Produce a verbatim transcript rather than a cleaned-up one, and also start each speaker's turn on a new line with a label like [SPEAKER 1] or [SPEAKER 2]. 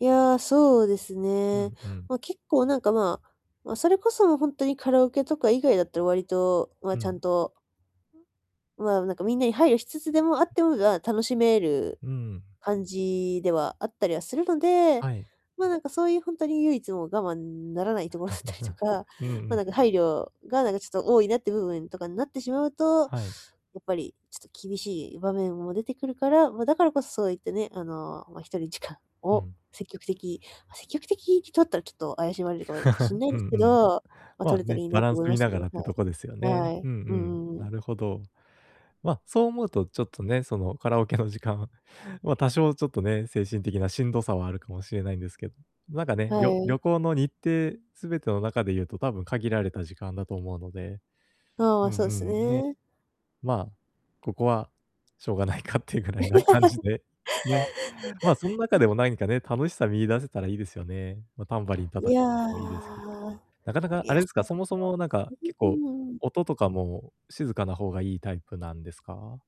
[SPEAKER 1] いや、そうです
[SPEAKER 2] う
[SPEAKER 1] ね。
[SPEAKER 2] んうん。
[SPEAKER 1] ま、結構なんかまま、それこそもう本当にカラオケとか以外だったら割とまあ、
[SPEAKER 2] う
[SPEAKER 1] ちゃ
[SPEAKER 2] ん。
[SPEAKER 1] んと、ま、なんかみんなに配慮しつつでもあってもが楽しめる、
[SPEAKER 2] うん。
[SPEAKER 1] 感じではあったりはするので、
[SPEAKER 2] はい。
[SPEAKER 1] ま、なんかそういう本当に唯一の我慢ならないところだったりと か、
[SPEAKER 2] うんう
[SPEAKER 1] ま、な
[SPEAKER 2] ん。
[SPEAKER 1] んか配慮がなんかちょっと多いなっていう部分とかになってしまうと、
[SPEAKER 2] はい。
[SPEAKER 1] やっぱり、ちょっと厳しい場面も出てくるから、ま、だからこそそういってね、あの、ま、ひとり時間
[SPEAKER 2] う
[SPEAKER 1] を、
[SPEAKER 2] ん。
[SPEAKER 1] 積極的積極的に取ったらちょっと怪しまれるかもしん ない
[SPEAKER 2] うん
[SPEAKER 1] です
[SPEAKER 2] う
[SPEAKER 1] け
[SPEAKER 2] ん。
[SPEAKER 1] ど、ま、
[SPEAKER 2] ま、
[SPEAKER 1] 取れたら
[SPEAKER 2] ね、
[SPEAKER 1] いいな
[SPEAKER 2] バラ
[SPEAKER 1] と
[SPEAKER 2] ンス
[SPEAKER 1] 思いま
[SPEAKER 2] 見
[SPEAKER 1] す
[SPEAKER 2] な
[SPEAKER 1] ね、
[SPEAKER 2] がらってとこですよ
[SPEAKER 1] は
[SPEAKER 2] ね、
[SPEAKER 1] い。は
[SPEAKER 2] う
[SPEAKER 1] い。
[SPEAKER 2] んう
[SPEAKER 1] う
[SPEAKER 2] ん、
[SPEAKER 1] んうんうん。
[SPEAKER 2] なるほど。ま、そう思うとちょっとね、その、カラオケの時間ま、多少ちょっとね、精神的なしんどさはあるかもしれないんですけど。なんかね、
[SPEAKER 1] は
[SPEAKER 2] りょ
[SPEAKER 1] い。
[SPEAKER 2] 旅行の日程全ての中で言うと多分限られた時間だと思うので。
[SPEAKER 1] あ
[SPEAKER 2] うん
[SPEAKER 1] あ、そうです
[SPEAKER 2] うん、ね。
[SPEAKER 1] ね。
[SPEAKER 2] ま、ここはしょうがないかっていうぐら いな感じで、ね、ま、そん
[SPEAKER 1] う
[SPEAKER 2] 中
[SPEAKER 1] ん。
[SPEAKER 2] でも何かね、楽しさ見出せたらいいですよね。ま、タンバリン
[SPEAKER 1] い
[SPEAKER 2] 叩
[SPEAKER 1] や。
[SPEAKER 2] くでもいいですけど。なかなか
[SPEAKER 1] い
[SPEAKER 2] あ
[SPEAKER 1] や。
[SPEAKER 2] れですか、そもそもなんか結構、音とかも静かな方がいいタイプなんですか？